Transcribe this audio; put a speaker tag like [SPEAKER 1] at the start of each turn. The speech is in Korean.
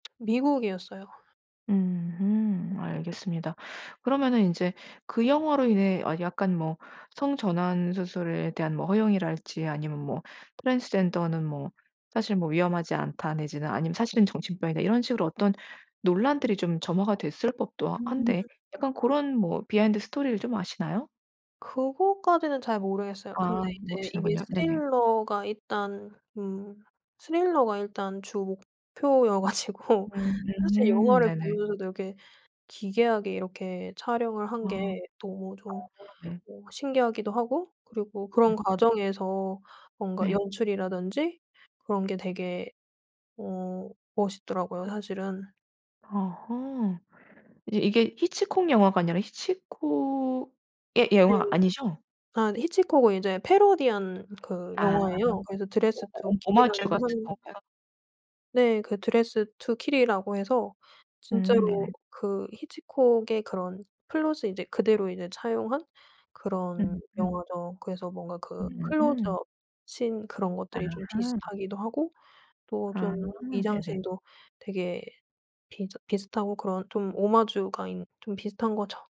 [SPEAKER 1] 미국이었어요.
[SPEAKER 2] 으흠 알겠습니다. 그러면은 인제 그 영화로 인해 아 약간 뭐 성전환 수술에 대한 뭐 허용이랄지 아니면 뭐 트랜스젠더는 뭐 사실 뭐 위험하지 않다 내지는 아니면 사실은 정신병이다 이런 식으로 어떤 논란들이 좀 점화가 됐을 법도
[SPEAKER 1] 음.
[SPEAKER 2] 한데. 약간 고런 뭐 비하인드 스토리를 좀 아시나요?
[SPEAKER 1] 그거까지는 잘 모르겠어요. 근데
[SPEAKER 2] 아.
[SPEAKER 1] 이제 이게
[SPEAKER 2] 모르시는군요. 네네.
[SPEAKER 1] 스릴러가 일단 음. 스릴러가 일단 주 목표여 가지고
[SPEAKER 2] 음.
[SPEAKER 1] 사실
[SPEAKER 2] 음.
[SPEAKER 1] 영화를
[SPEAKER 2] 네네.
[SPEAKER 1] 보면서도 이렇게 기괴하게 이렇게 촬영을 한
[SPEAKER 2] 아.
[SPEAKER 1] 게
[SPEAKER 2] 아아.
[SPEAKER 1] 너무 좀
[SPEAKER 2] 네.
[SPEAKER 1] 뭐 신기하기도 하고 그리고 그런
[SPEAKER 2] 음흠.
[SPEAKER 1] 과정에서 뭔가
[SPEAKER 2] 네.
[SPEAKER 1] 연출이라든지 그런 게 되게 어 멋있더라고요, 사실은.
[SPEAKER 2] 어허. 이제 이게 히치콕 영화가 아니라 히치콕의
[SPEAKER 1] 네.
[SPEAKER 2] 영화 아니죠?
[SPEAKER 1] 아. 히치콕은 이제 패러디한 그
[SPEAKER 2] 아.
[SPEAKER 1] 영화예요. 그래서
[SPEAKER 2] 오
[SPEAKER 1] 드레스드 투
[SPEAKER 2] 오 오마주
[SPEAKER 1] 킬이라는
[SPEAKER 2] 같은
[SPEAKER 1] 하는
[SPEAKER 2] 건가요?
[SPEAKER 1] 네. 그 드레스 투 킬이라고 해서
[SPEAKER 2] 음.
[SPEAKER 1] 진짜로
[SPEAKER 2] 네네.
[SPEAKER 1] 그 히치콕의 그런 플롯을 이제 그대로 이제 차용한 그런
[SPEAKER 2] 음. 음.
[SPEAKER 1] 영화죠. 그래서 뭔가 그
[SPEAKER 2] 음흠.
[SPEAKER 1] 클로즈업 신 그런 것들이 좀
[SPEAKER 2] 아하.
[SPEAKER 1] 비슷하기도 하고 또 좀
[SPEAKER 2] 아. 네네.
[SPEAKER 1] 미장센도 되게 비슷 비슷하고 그런 좀 오마주가 인 좀 비슷한 거죠.